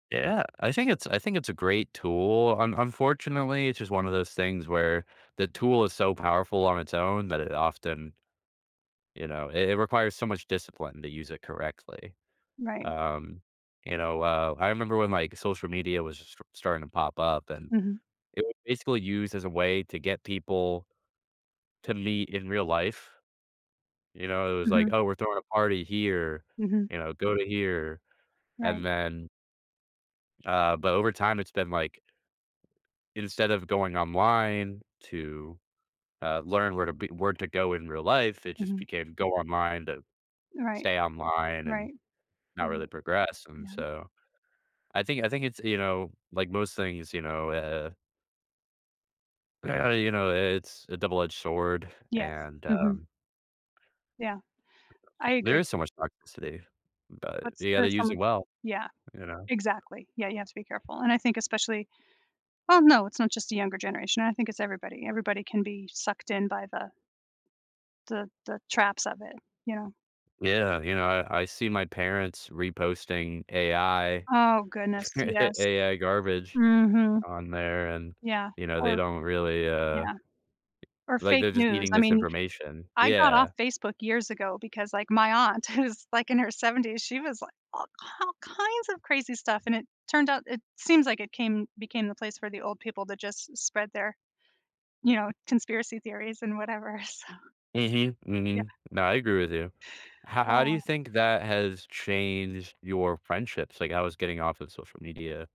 Yeah, I think it's I think it's a great tool. Un unfortunately, it's just one of those things where the tool is so powerful on its own that it often you know, it it requires so much discipline to use it correctly. Right. Um, you know, uh, I remember when, like, social media was st starting to pop up, and Mhm. it was basically used as a way to get people to meet in real life. You know, it was like, Mhm. "Oh, we're throwing a party here," Mhm. you know, "go to here," Right. and then uh, but over time, it's been like, instead of going online to, uh, learn where to be where to go in real life, it just Mhm. became "Go online to Right. stay online," and Right. Yeah, not really progress, and yeah. so, I think I think it's, you know, like most things, you know, uh well, you know, i it's a double-edged sword, Yeah, and mhm. um Yeah, I There agree. is so much toxicity, but But s you gotta there's so use it much well, Yeah, you know? exactly, yeah, you have to be careful, and I think especially Oh, no, it's not just the younger generation, I think it's everybody. Everybody can be sucked in by the the the traps of it, you know? Yeah, you know, I I see my parents reposting AI Oh, goodness, yes. AI garbage Mhm. on there, and, Yeah you know, they or don't really, uh yeah. Or like, fake they're just news, eating I this mean, information I got off Yeah. Facebook years ago because, like, my aunt who's, like, in her 70s, she was, like, all k all kinds of crazy stuff, and it turned out it seems like it came became the place for the old people that just spread their, you know, conspiracy theories and whatever, so Mhm, yeah. mhm. No, I agree with you. How how do you Oh. think that has changed your friendships? Like, how was getting off of social media